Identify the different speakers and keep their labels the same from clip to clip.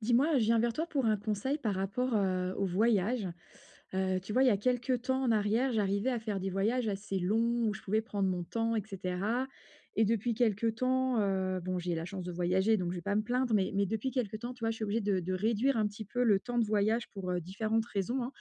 Speaker 1: Dis-moi, je viens vers toi pour un conseil par rapport, heu, aux voyages. Heu tu vois, il y a quelque temps en arrière, j'arrivais à faire des voyages assez longs, où je pouvais prendre mon temps, et cetera. Et depuis quelque temps heu, bon, j'ai la chance de voyager, donc je vais pas me plaindre. Mais mais depuis quelque temps, tu vois, je suis obligée de de réduire un petit peu le temps de voyage pour heu différentes raisons, hein.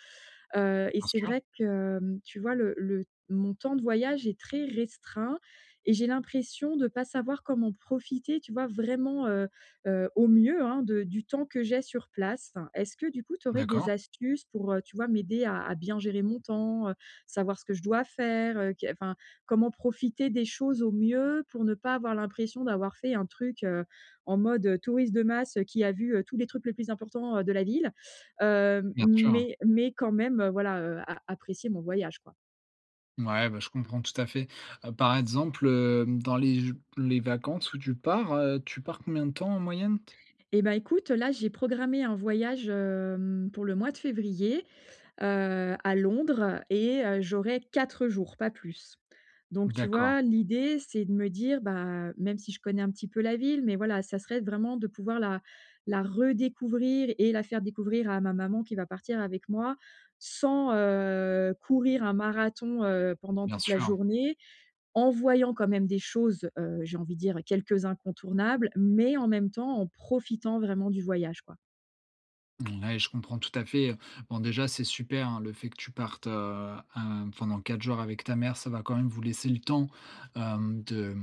Speaker 1: Heu et
Speaker 2: Bien
Speaker 1: c'est
Speaker 2: sûr.
Speaker 1: vrai que, hem tu vois le le mon temps de voyage est très restreint et j'ai l'impression de pas savoir comment profiter, tu vois, vraiment heu heu au mieux hein de du temps que j'ai sur place. Enfin, est-ce que, du coup, tu aurais des
Speaker 2: D'accord.
Speaker 1: astuces pour heu, tu vois, m'aider à à bien gérer mon temps? Heu savoir ce que je dois faire, heu qu'est enfin, comment profiter des choses au mieux, pour ne pas avoir l'impression d'avoir fait un truc, heu, en mode touriste de masse heu qui a vu heu tous les trucs les plus importants heu de la ville? Heu
Speaker 2: Bien sûr.
Speaker 1: mais mais quand même, heu, voilà heu a apprécier mon voyage, quoi.
Speaker 2: Mouais, bah je comprends tout à fait. Heu, par exemple, hem dans les jou les vacances où tu pars heu, tu pars combien de temps en moyenne?
Speaker 1: Et bah écoute, heu là, j'ai programmé un voyage, hem, pour le mois de février. Heu, à Londres et heu j'aurais 4 jours, pas plus. Donc tu
Speaker 2: D'accord.
Speaker 1: vois, l'idée, c'est de me dire, bah, même si je connais un petit peu la ville, mais voilà, ça serait vraiment de pouvoir la la redécouvrir et la faire découvrir à ma maman qui va partir avec moi, sans, heu courir un marathon, heu, pendant
Speaker 2: Bien
Speaker 1: toute la
Speaker 2: sûr.
Speaker 1: journée, en voyant quand même des choses, heu, j'ai envie de dire, quelques incontournables, mais en même temps en profitant vraiment du voyage, quoi.
Speaker 2: Mouais, je comprends tout à fait. Heu, bon déjà, c'est super, hein, le fait que tu partes, heu, hem, pendant 4 jours avec ta mère. Ça va quand même vous laisser le temps, hem, de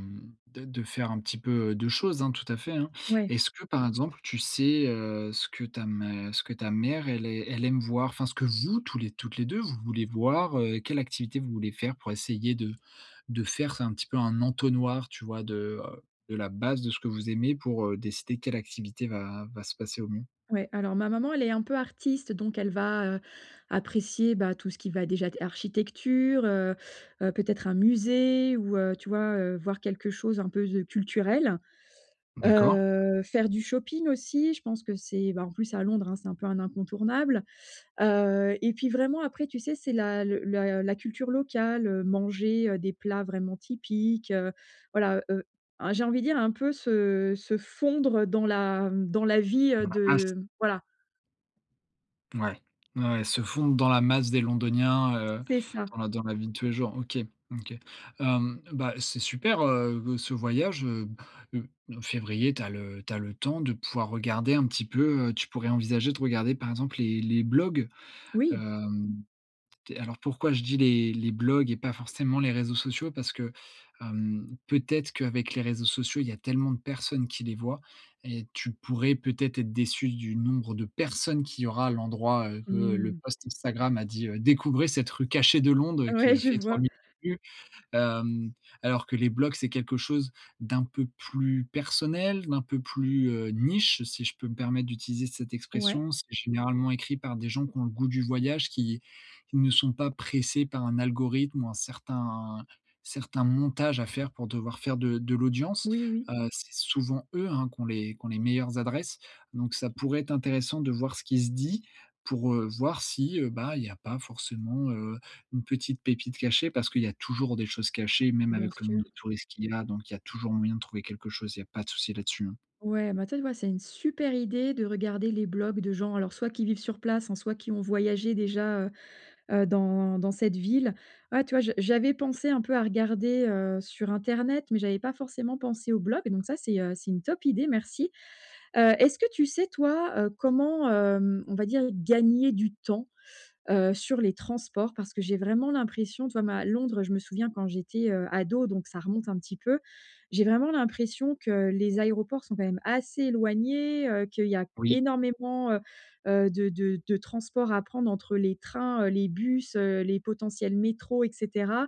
Speaker 2: de de faire un petit peu, heu, de choses, hein, tout à fait, hein.
Speaker 1: Ouais.
Speaker 2: Est-ce que, par exemple, tu sais, heu, ce que ta mè ce que ta mère elle ai elle aime voir? Enfin, ce que vous tou toutes les 2, vous voulez voir? Heu, quelles activités vous voulez faire, pour essayer de de faire un petit peu un entonnoir, tu vois, de, heu, de la base de ce que vous aimez pour, heu, décider quelle activité va va se passer au mieux?
Speaker 1: Ouais, alors ma maman, elle est un peu artiste. Donc elle va, heu, apprécier, bah, tout ce qui va déjà être architecture, heu, heu, peut-être un musée ou, heu, tu vois, heu, voir quelque chose un peu de culturel.
Speaker 2: D'accord.
Speaker 1: Heu, faire du shopping aussi, je pense que c'est ben en plus, à Londres, hein, c'est un peu un incontournable. Heu, et puis vraiment, après, tu sais, c'est la le la la culture locale heu, manger, heu, des plats vraiment typiques. Heu, voilà, heu, a j'ai envie de dire, un peu se se fondre dans la dans la vie, heu,
Speaker 2: Dans la masse?
Speaker 1: de voilà.
Speaker 2: Mouais. Ouais, ouais, se fondre dans la masse des londoniens, heu,
Speaker 1: C'est ça.
Speaker 2: dans la dans la vie de tous les jours. OK. OK. Hem, bah, c'est super, heu, ce voyage, heu. Heu, février, tu as le tu as le temps de pouvoir regarder un petit peu. Heu, tu pourrais envisager de regarder, par exemple, les les blogs.
Speaker 1: Oui.
Speaker 2: Hem, tu es alors, pourquoi je dis les les blogs et pas forcément les réseaux sociaux? Parce que, hem, peut-être qu'avec les réseaux sociaux, il y a tellement de personnes qui les voient et tu pourrais peut-être être déçue du nombre de personnes qu'il y aura à l'endroit, heu, que le
Speaker 1: Mmh.
Speaker 2: post Instagram a dit, heu: «Découvrez cette rue cachée de Londres!», heu,
Speaker 1: Ouais,
Speaker 2: qui a
Speaker 1: je
Speaker 2: fait trois
Speaker 1: vois.
Speaker 2: millions de vues. Hem, alors que les blogs, c'est quelque chose d'un peu plus personnel, d'un peu plus, heu, niche, si je peux me permettre d'utiliser cette
Speaker 1: Ouais.
Speaker 2: expression. C'est généralement écrit par des gens qui ont le goût du voyage, qui qui ne sont pas pressés par un algorithme ou un certain certain montage à faire pour devoir faire de de l'audience.
Speaker 1: Oui, oui.
Speaker 2: Heu, c'est souvent eux, hein, qui ont les qui ont les meilleures adresses. Donc ça pourrait être intéressant de voir ce qui se dit, pour, heu, voir si, heu, bah il y a pas forcément, heu, une petite pépite cachée. Parce qu'il y a toujours des choses cachées, même
Speaker 1: Bien
Speaker 2: avec le nombre
Speaker 1: sûr.
Speaker 2: de touriste qu'il y a, donc il y a toujours moyen de trouver quelque chose. Il y a pas de souci là-dessus, hein.
Speaker 1: Ouais, ben tu vois, ouais, c'est une super idée de regarder les blogs de gens, alors soit qui vivent sur place, hein, soit qui ont voyagé déjà, heu, heu, dans dans cette ville. Voilà, tu vois, je j'avais pensé un peu à regarder, heu, sur internet, mais j'avais pas forcément pensé aux blogs. Donc ça, c'est, heu, c'est une top idée, merci! Heu, est-ce que tu sais, toi, heu, comment, hem, on va dire gagner du temps, heu, sur les transports, parce que j'ai vraiment l'impression, tu vois ma Londres, je me souviens quand j'étais, heu, ado, donc ça remonte un petit peu. J'ai vraiment l'impression que les aéroports sont quand même assez éloignés. Heu, qu'il y a
Speaker 2: Oui.
Speaker 1: énormément heu, heu, de de de transport à prendre entre les trains, heu, les bus, heu, les potentiels métros et cetera.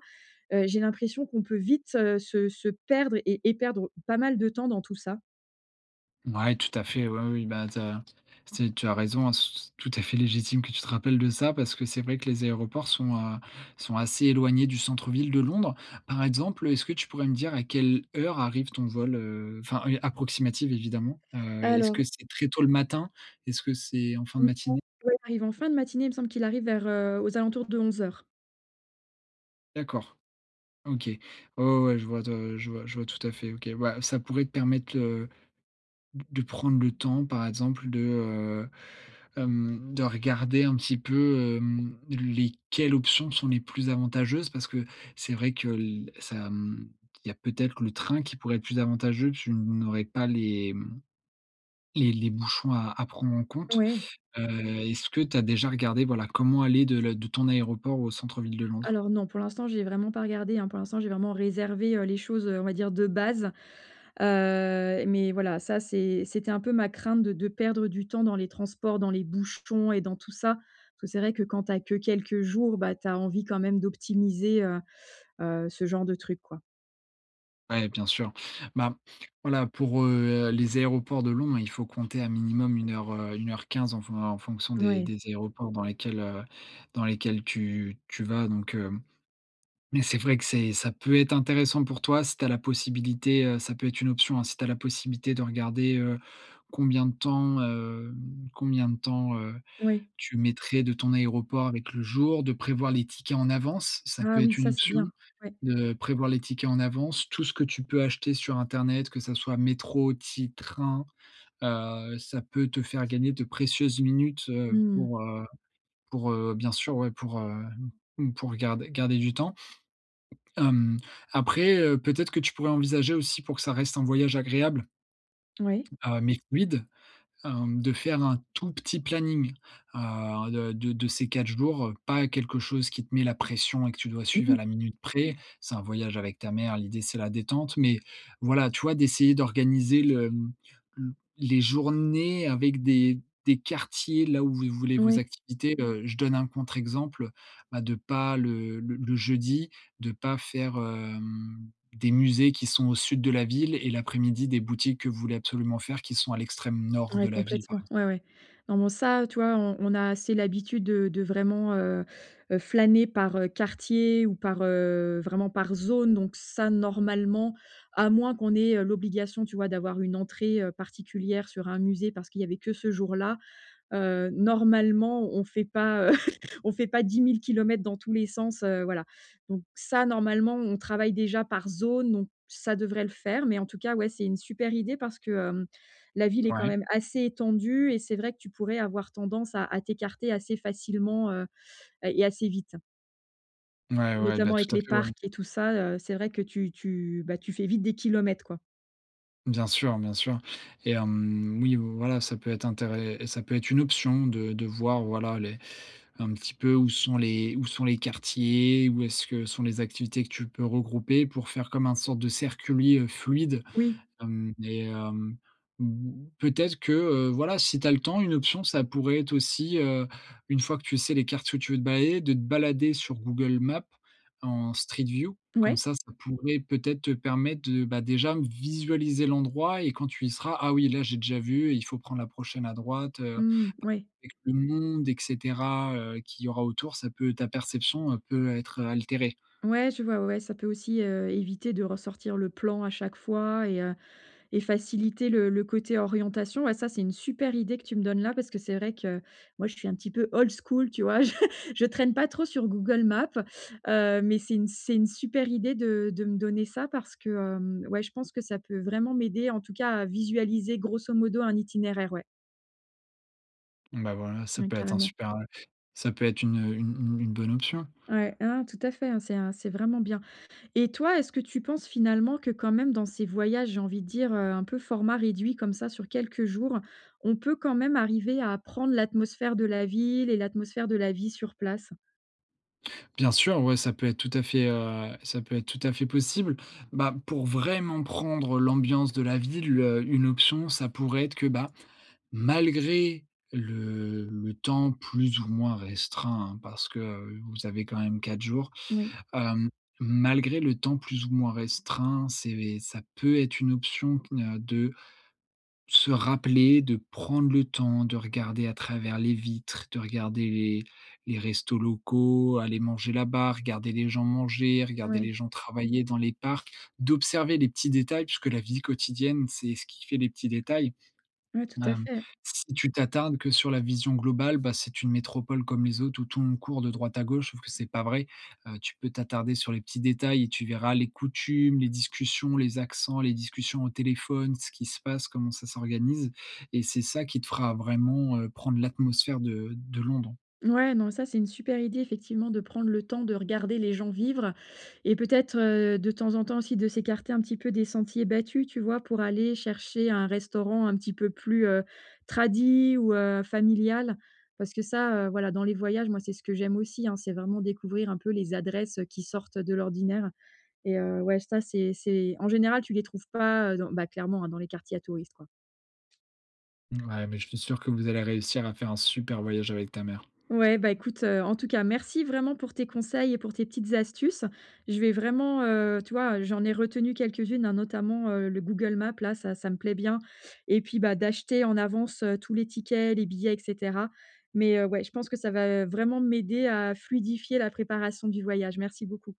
Speaker 1: Heu, j'ai l'impression qu'on peut vite, heu, se se perdre et et perdre pas mal de temps dans tout ça.
Speaker 2: Ouais, tout à fait. Ouais, oui. Oui, ben tu as t tu as raison, c c tout à fait légitime que tu te rappelles de ça, parce que c'est vrai que les aéroports sont, heu, sont assez éloignés du centre-ville de Londres. Par exemple, heu, est-ce que tu pourrais me dire à quelle heure arrive ton vol? Heu, enfin et approximative évidemment. Heu, est-ce que
Speaker 1: Alors
Speaker 2: c'est très tôt le matin? Est-ce que c'est en fin
Speaker 1: en
Speaker 2: de
Speaker 1: gros,
Speaker 2: matinée?
Speaker 1: ouais, il arrive en fin de matinée, il me semble qu'il arrive vers, heu aux alentours de 11:00.
Speaker 2: D'accord. OK. Ouais, ouais, ouais, je vois de je vois je vois tout à fait, OK. Ouais, ça pouvait te permettre, heu, d de prendre le temps, par exemple, de heu, hem, de regarder un petit peu, hem, les quelles options sont les plus avantageuses parce que, c'est vrai que l ça hem, il y a peut-être le train qui pourrait être plus avantageux, tu n n'aurais pas les, hem les les bouchons à à prendre en compte.
Speaker 1: Ouais.
Speaker 2: Heu, est-ce que tu as déjà regardé, voilà, comment aller de le de ton aéroport au centre-ville de Londres?
Speaker 1: Alors non. Pour l'instant, j'y ai vraiment pas regardé, hein. Pour l'instant j'ai vraiment réservé, heu, les choses, heu, on va dire, de base. Heu, mais voilà, ça c'est c'était un peu ma crainte de de perdre du temps dans les transports, dans les bouchons et dans tout ça, parce que c'est vrai que quand tu as que quelques jours, bah tu as envie quand même d'optimiser heu heu ce genre de truc, quoi.
Speaker 2: Ouais, bien sûr. Ben, voilà pour, heu, les aéroports de Londres, il faut compter à minimum 1:00, heu, 1:15 en fon en fonction des
Speaker 1: Ouais.
Speaker 2: des aéroports dans lesquels, heu, dans lesquels tu tu vas donc, heu mais c'est vrai que c'est ça peut être intéressant pour toi si tu as la possibilité, heu ça peut être une option, hein, si tu as la possibilité de regarder, heu, combien de temps, hem combien de temps, heu,
Speaker 1: Oui.
Speaker 2: tu mettrais de ton aéroport avec le jour. De prévoir les tickets en avance. Ça peut
Speaker 1: Ah oui
Speaker 2: être une
Speaker 1: ça, c'est
Speaker 2: option.
Speaker 1: bien! Ouais.
Speaker 2: De prévoir les tickets en avance, tout ce que tu peux acheter sur internet, que ça soit métro, ti et train. Heu, ça peut te faire gagner de précieuses minutes, heu,
Speaker 1: Mmh mh.
Speaker 2: pour, heu pour heu, bien sûr, ouais, pour, heu, m m pour garder garder du temps hem, après heu, peut-être que tu pourrais envisager aussi pour que ça reste un voyage agréable,
Speaker 1: Ouais.
Speaker 2: heu, mais fluide, hem, de faire un tout petit planning, heu, de de de ces 4 jours, heu, pas quelque chose qui te mets la pression et que tu dois
Speaker 1: Mmh
Speaker 2: suivre à
Speaker 1: mh.
Speaker 2: la minute près. C'est un voyage avec ta mère, l'idée c'est la détente. Mais, voilà, tu vois d'essayer d'organiser le, hem, le les journées avec des des quartiers là où vous les voulez, vos
Speaker 1: Oui.
Speaker 2: activités. Heu, je donne un contre exemple, bah de pas le le le jeudi, de pas faire, hem, des musées qui sont au sud de la ville et l'après-midi des boutiques que vous voulez absolument faire qui sont à l'extrême nord de
Speaker 1: Ouais
Speaker 2: la ville par
Speaker 1: complètement,
Speaker 2: exemple.
Speaker 1: ouais ouais. Non, bon ça, heu, tu vois, on on a assez l'habitude de de vraiment, heu, heu flâner par, heu, quartier ou par, heu vraiment par zone donc ça, normalement, à moins qu'on ait, heu, l'obligation, tu vois, d'avoir une entrée, heu, particulière sur un musée parce qu'il y avait que ce jour-là, heu, normalement on fait pas, on fait pas 10 000 kilomètres dans tous les sens, heu, voilà. Donc ça, normalement, on travaille déjà par zone donc ça devrait le faire mais en tout cas, ouais, c'est une super idée parce que, hem, la ville est quand
Speaker 2: Ouais.
Speaker 1: même assez étendue et c'est vrai que tu pourrais avoir tendance à à t'écarter assez facilement, heu, heu, et assez vite.
Speaker 2: Ouais, ouais. Bah
Speaker 1: Notamment
Speaker 2: tout
Speaker 1: avec
Speaker 2: à
Speaker 1: les
Speaker 2: fait, ouais.
Speaker 1: parcs et tout ça, heu c'est vrai que tu tu, bah, tu fais vite des kilomètres, quoi.
Speaker 2: Bien sûr, bien sûr. Et hem oui, heu, voilà, ça peut être intére ça peut être une option de de voir, voilà, les un petit peu où sont les où sont les quartiers, où est-ce que sont les activités que tu peux regrouper pour faire comme un sorte de circuit, heu, fluide.
Speaker 1: Oui.
Speaker 2: Hem et hem mmh, peut-être que, heu, voilà, si tu as le temps, une option ça pourrait être aussi, heu, une fois que tu sais les quartiers où tu veux te balader, de te balader sur Google Maps en Street View. Comme
Speaker 1: Ouais.
Speaker 2: ça, ça pourrait peut-être te permettre de bah déjà visualiser l'endroit et quand tu y seras: «Ah oui, là j'ai déjà vu, heu, il faut prendre la prochaine à droite». Heu
Speaker 1: Mmh, ouais.
Speaker 2: avec le monde et cetera, heu qu'il y aura autour, ça peut ta perception peut, être, heu, altérée.
Speaker 1: Ouais, je vois. Ouais ouais, ça peut aussi, heu éviter de ressortir le plan à chaque fois et heu et faciliter le le côté orientation. Et ça, c'est une super idée que tu me donnes là, parce que c'est vrai que moi, je suis un petit peu old school, tu vois? Je je traîne pas trop sur Google Maps. Heu, mais c'est une c'est une super idée de de me donner ça parce que, hem, ouais, je pense que ça peut vraiment m'aider, en tout cas à visualiser grosso modo un itinéraire. Ouais.
Speaker 2: Bah voilà, ça
Speaker 1: Mmh,
Speaker 2: peut être un
Speaker 1: carrément.
Speaker 2: super heu ça peut être une, heu, une une une bonne option.
Speaker 1: Ouais, ah, non, tout à fait, hein, c'est un c'est vraiment bien. Et toi, est-ce que tu penses finalement que, quand même, dans ces voyages, j'ai envie de dire, heu, un peu format réduit comme ça sur quelques jours, on peut quand même arriver à prendre l'atmosphère de la ville et l'atmosphère de la vie sur place?
Speaker 2: Bien sûr, ouais, ça peut être tout à fait, heu ça peut être tout à fait possible. Bah pour vraiment prendre l'ambiance de la ville, heu, une option, ça pourrait être que, bah, malgré le-le temps plus ou moins restreint, hein, parce que, heu, vous avez quand même 4 jours.
Speaker 1: Oui.
Speaker 2: Hem, malgré le temps plus ou moins restreint, c'est, beh ça peut être une option que n'a de se rappeler, de prendre le temps. De regarder à travers les vitres, de regarder les les restos locaux, aller manger là-bas, regarder les gens manger, regarder
Speaker 1: Ouais.
Speaker 2: les gens travailler dans les parcs. D'observer les petits détails puisque la vie quotidienne, c'est ce qui fait des petits détails.
Speaker 1: Ouais, tout à
Speaker 2: Hem,
Speaker 1: fait.
Speaker 2: si tu t'attardes que sur la vision globale, bah, c'est une métropole comme les autres, où tout le monde court de droite à gauche, sauf que c'est pas vrai. Heu, tu peux t'attarder sur les petits détails et tu verras les coutumes, les discussions, les accents, les discussions au téléphone, ce qu'il se passe, comment ça s'organise. Et c'est ça qui te fera vraiment, heu, prendre l'atmosphère de de Londres.
Speaker 1: Mouais, non, ça, c'est une super idée, effectivement, de prendre le temps de regarder les gens vivre et peut-être, heu, de temps en temps aussi, de s'écarter un petit peu des sentiers battus, tu vois? Pour aller chercher un restaurant un petit peu plus, heu, tradi ou, heu, familial. Parce que ça, heu, voilà, dans les voyages, moi, c'est ce que j'aime aussi, hein, c'est vraiment découvrir un peu les adresses, heu, qui sortent de l'ordinaire. Et heu, ouais, ça, c'est c'est en général, tu les trouves pas, heu, dans bah, clairement dans les quartiers à touristes, quoi.
Speaker 2: Mouais, mais je suis sûr que vous allez réussir à faire un super voyage avec ta mère.
Speaker 1: Ouais, bah, écoute, heu, en tout cas, merci vraiment pour tes conseils et pour tes petites astuces. Je vais vraiment, heu tu vois, j'en ai retenu quelques-unes hein, notamment, heu, le Google Maps, là, ça ça me plaît bien, et puis, bah, d'acheter en avance tous les tickets, les billets, et cetera. Mais, heu, ouais, je pense que ça va vraiment m'aider à fluidifier la préparation du voyage. Merci beaucoup.